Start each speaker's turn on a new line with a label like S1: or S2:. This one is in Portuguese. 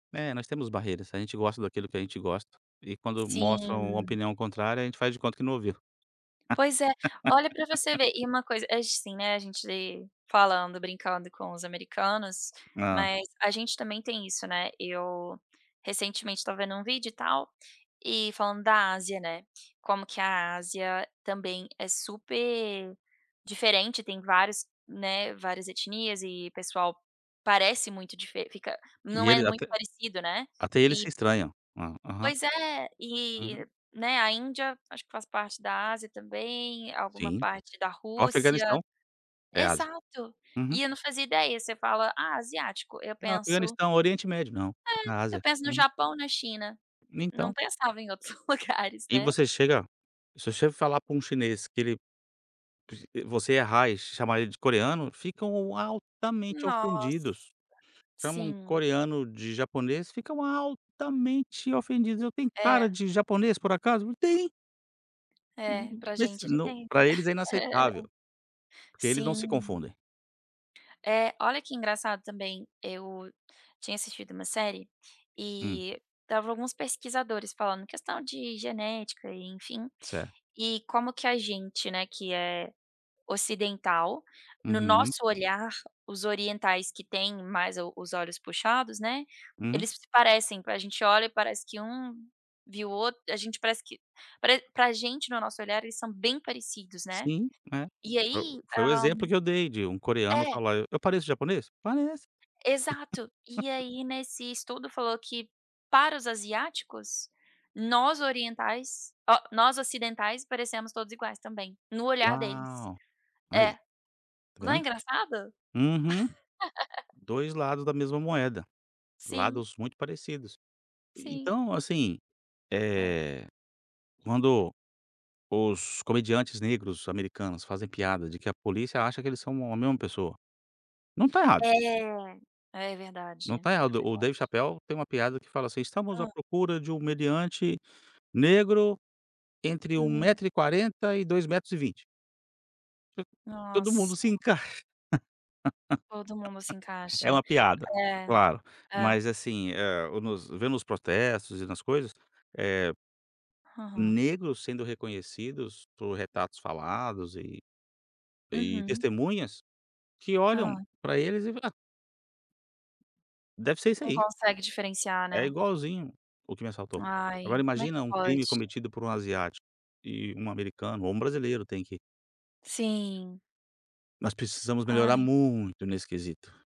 S1: É, nós temos barreiras. A gente gosta daquilo que a gente gosta e quando mostram uma
S2: Sim.
S1: opinião contrária a gente faz de conta que não ouviu.
S2: Pois é. Olha para você ver, e uma coisa acho, assim, né, a gente falando, brincando com os americanos,
S1: Hã.
S2: mas a gente também tem isso, né, eu recentemente estava vendo um vídeo e tal, e falando da Ásia, né, como que a Ásia também é super diferente, tem vários né, várias etnias e pessoal parece muito dife fica
S1: E
S2: não é
S1: ele
S2: muito
S1: até
S2: parecido, né.
S1: até eles
S2: E
S1: se estranham. Hã. Aham.
S2: Pois é.
S1: Aham.
S2: E né, a Índia, acho que faz parte da Ásia também, alguma
S1: Sim.
S2: parte da
S1: O
S2: Rússia.
S1: Afeganistão é Ásia.
S2: Exato.
S1: Uhum.
S2: E eu não fazia ideia, você fala: "Ah, asiático", eu
S1: A
S2: penso
S1: Afeganistão Oriente Médio, não, na
S2: É, eu
S1: Ásia.
S2: penso no
S1: Uhum.
S2: Japão, na China. Não
S1: Então
S2: pensava em outros lugares,
S1: E
S2: né.
S1: você chega se você falar para um chinês que ele vo você errar e chamar ele de coreano, ficam altamente
S2: Nossa,
S1: ofendidos. Chamam
S2: sim.
S1: coreano de japonês, ficam altamente ofendidos. "Eu tenho cara
S2: É.
S1: de japonês por acaso?" Eu: "Tem".
S2: É,
S1: Hum,
S2: para
S1: mas se
S2: gente ele
S1: não
S2: tem.
S1: para eles é inaceitável. Porque eles não se
S2: Sim.
S1: confundem.
S2: É, olha que engraçado também, eu tinha assistido uma série
S1: Hum.
S2: e estavam alguns pesquisadores falando questão de genética e enfim.
S1: Certo.
S2: E como que a gente, né, que é ocidental, no
S1: Uhum.
S2: nosso olhar os orientais que têm mais o os olhos puxados, né,
S1: Uhum.
S2: eles se parecem, a gente olha e parece que um viu o outro, a gente parece que pare pra gente, no nosso olhar eles são bem parecidos, né.
S1: Sim, é.
S2: E
S1: Fo
S2: aí,
S1: foi o
S2: ah
S1: exemplo que eu dei de um coreano
S2: É.
S1: falar: "Eu eu pareço japonês?" Parece.
S2: Exato. E aí nesse estudo falou que para os asiáticos, nós orientais ó, nós ocidentais parecemos todos iguais também, no olhar deles.
S1: Uau! Aí
S2: É.
S1: tá
S2: Não é
S1: vendo?
S2: engraçado?
S1: Uhum, 2 lados da mesma moeda,
S2: Sim.
S1: lados muito parecidos.
S2: Sim.
S1: Então, assim,
S2: É.
S1: eh, quando os comediantes negros americanos fazem piada de que a polícia acha que eles são a mesma pessoa, não tá errado.
S2: É. É verdade,
S1: Não está
S2: é
S1: errado. O David
S2: verdade.
S1: Chapel tem uma piada que fala, assim: "Estamos à
S2: Hã.
S1: procura de um meliante negro entre 1
S2: Hum.
S1: metro e 40 2 metros e 20". To todo mundo
S2: Nossa!
S1: se encaixa.
S2: Todo mundo se
S1: É
S2: encaixa.
S1: uma piada,
S2: É,
S1: claro,
S2: é.
S1: mas assim, eh, o nos vendo os protestos e nas coisas, eh,
S2: Aham.
S1: negros sendo reconhecidos por retratos falados e e
S2: Uhum.
S1: testemunhas, que olham
S2: Ah.
S1: para eles e fala: "Ah" "deve ser esse
S2: Não
S1: aí".
S2: consegue diferenciar,
S1: "É
S2: né.
S1: igualzinho o que me assaltou". Agora
S2: Ai, como é que
S1: imagina um crime
S2: pode?
S1: cometido por um asiático e um americano ou um brasileiro tem que
S2: Sim.
S1: Nós precisamos melhorar
S2: Ai.
S1: muito nesse quesito.